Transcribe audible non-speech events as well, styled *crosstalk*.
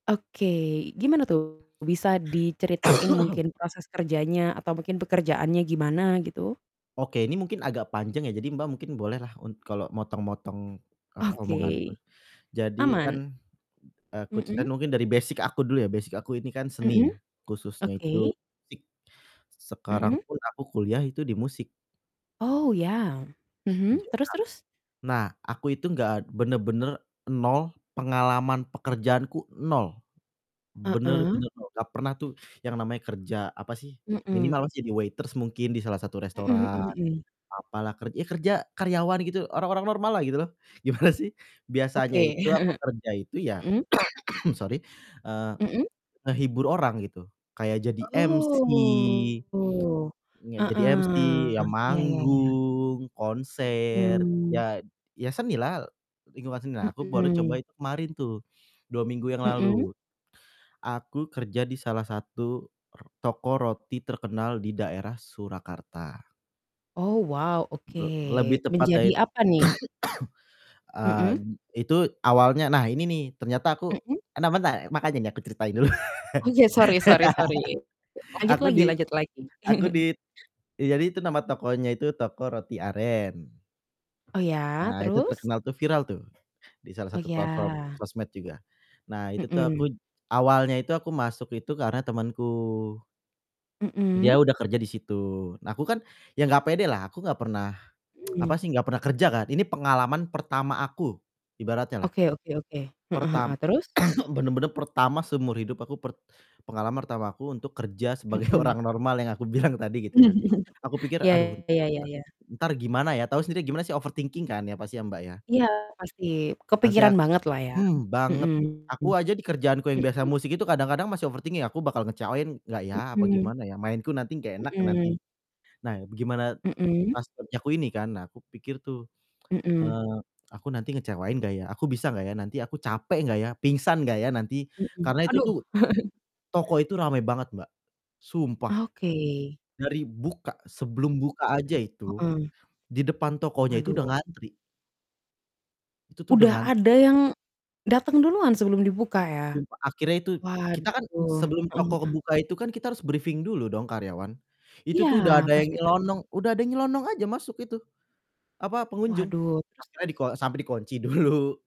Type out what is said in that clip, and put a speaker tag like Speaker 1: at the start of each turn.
Speaker 1: Oke, gimana tuh bisa diceritain
Speaker 2: *coughs*
Speaker 1: mungkin proses kerjanya atau mungkin pekerjaannya gimana gitu?
Speaker 2: Oke, ini mungkin agak panjang ya. Jadi, Mbak, mungkin bolehlah un kalau motong-motong, apa, omonganku.
Speaker 1: Oke.
Speaker 2: Jadi kan
Speaker 1: Aman.
Speaker 2: aku ceritain
Speaker 1: Mhm?
Speaker 2: mungkin dari basic aku dulu ya. Basic aku ini kan seni,
Speaker 1: Mhm,
Speaker 2: khususnya
Speaker 1: oke.
Speaker 2: itu musik. Sekarang
Speaker 1: Mhm?
Speaker 2: pun aku kuliah itu di musik.
Speaker 1: Oh, iya. Mhm,
Speaker 2: *unintelligible*
Speaker 1: terus terus?
Speaker 2: Nah, aku itu enggak bener-bener nol, pengalaman pekerjaanku nol. Bener
Speaker 1: Heeh.
Speaker 2: bener nol, gak pernah tuh yang namanya kerja, apa sih,
Speaker 1: Mhm.
Speaker 2: minimal jadi waiters mungkin di salah satu
Speaker 1: Mhm
Speaker 2: restoran
Speaker 1: mhm mhm.
Speaker 2: apalah, ker ya kerja karyawan gitu, orang-orang normal lah gitu loh. Gimana sih biasanya
Speaker 1: Oke.
Speaker 2: itu aku
Speaker 1: *chuckles*
Speaker 2: kerja itu ya
Speaker 1: Mhm?
Speaker 2: *coughs* sorry, eee,
Speaker 1: Mhm?
Speaker 2: ngehibur orang gitu, kayak jadi MC
Speaker 1: Oh,
Speaker 2: iya, jadi MC, ya
Speaker 1: heeh, iya iya iya.
Speaker 2: manggung, konser
Speaker 1: Mhm.
Speaker 2: ya ya seni lah, lingkungan seni lah. Aku baru coba
Speaker 1: Mhm.
Speaker 2: itu kemarin tuh 2 minggu yang
Speaker 1: Mhm?
Speaker 2: lalu. Aku kerja di salah satu r toko roti terkenal di daerah Surakarta.
Speaker 1: Oh wow, oke.
Speaker 2: Le lebih tepatnya
Speaker 1: Menjadi
Speaker 2: it
Speaker 1: apa nih?
Speaker 2: *coughs* eee,
Speaker 1: Mhm?
Speaker 2: itu awalnya nah ini nih ternyata aku
Speaker 1: Mhm?
Speaker 2: nah bentar, makanya nih aku ceritain dulu. *laughs*
Speaker 1: Oh iya, sorry sorry sorry. Lanjut
Speaker 2: Aku
Speaker 1: lagi
Speaker 2: di
Speaker 1: lanjut lagi.
Speaker 2: aku
Speaker 1: *chuckles*
Speaker 2: di d ya jadi itu nama tokonya itu Toko Roti Aren.
Speaker 1: Oh iya,
Speaker 2: Nah itu
Speaker 1: terus?
Speaker 2: terkenal tuh, viral tuh di salah
Speaker 1: Oh
Speaker 2: satu platform
Speaker 1: iya.
Speaker 2: sosmed juga. Nah, itu tuh
Speaker 1: Mhm.
Speaker 2: aku j awalnya itu aku masuk itu karena temanku dia
Speaker 1: Mhm?
Speaker 2: udah kerja di situ. Nah, aku kan ya gak pede lah aku gak pernah, *tsk*
Speaker 1: Mmm.
Speaker 2: apa sih, gak pernah kerja kan, ini pengalaman pertama aku ibaratnya lah.
Speaker 1: Oke oke oke, heeh heeh,
Speaker 2: Pertam
Speaker 1: terus?
Speaker 2: *coughs* bener-bener pertama seumur hidup aku, per pengalaman pertama aku untuk kerja sebagai
Speaker 1: Mhm.
Speaker 2: orang normal yang aku bilang tadi gitu ya. Aku
Speaker 1: *chuckles*
Speaker 2: pikir
Speaker 1: Iya
Speaker 2: aduh
Speaker 1: iya iya
Speaker 2: t
Speaker 1: iya.
Speaker 2: entar gimana ya? Tahu sendiri gimana sih overthinking kan ya pasti ya, Mbak, ya?
Speaker 1: Iya pasti
Speaker 2: Nanti
Speaker 1: kepikiran
Speaker 2: ak
Speaker 1: banget lah ya,
Speaker 2: hmm, banget,
Speaker 1: mhm.
Speaker 2: aku aja di kerjaanku yang biasa
Speaker 1: Mhm.
Speaker 2: musik itu kadang-kadang masih overthinking aku bakal ngecewain nggak ya, apa
Speaker 1: Mhm.
Speaker 2: gimana ya? Mainku nanti nggak enak nanti.
Speaker 1: Mhm.
Speaker 2: Nah, begimana
Speaker 1: Mhm?
Speaker 2: pas kerjaku ini kan, nah aku pikir tuh,
Speaker 1: Mhm.
Speaker 2: eee, "Aku nanti ngecewain gak ya? Aku bisa gak ya? Nanti aku capek gak ya? Pingsan gak ya nanti?"
Speaker 1: Mhm,
Speaker 2: Karena itu
Speaker 1: aduh.
Speaker 2: tuh
Speaker 1: *chuckles*
Speaker 2: toko itu rame banget, Mbak. Sumpah,
Speaker 1: Oke.
Speaker 2: dari buka sebelum buka aja itu,
Speaker 1: Heeh.
Speaker 2: di depan tokonya itu udah
Speaker 1: Aduh.
Speaker 2: ngantri. Itu tuh
Speaker 1: Udah
Speaker 2: dengan
Speaker 1: ada yang dateng duluan sebelum dibuka ya?
Speaker 2: Sumpah, akhirnya itu kita kan
Speaker 1: Waduh,
Speaker 2: sebelum
Speaker 1: heeh
Speaker 2: toko
Speaker 1: heeh.
Speaker 2: buka itu kan kita harus briefing dulu dong karyawan. Itu
Speaker 1: Iya,
Speaker 2: tuh udah ada yang
Speaker 1: pasti pasti.
Speaker 2: nyelonong udah ada yang nyelonong aja masuk itu, apa, pengunjung.
Speaker 1: Waduh, terus
Speaker 2: Akhirnya
Speaker 1: terus?
Speaker 2: diko sampai dikunci dulu.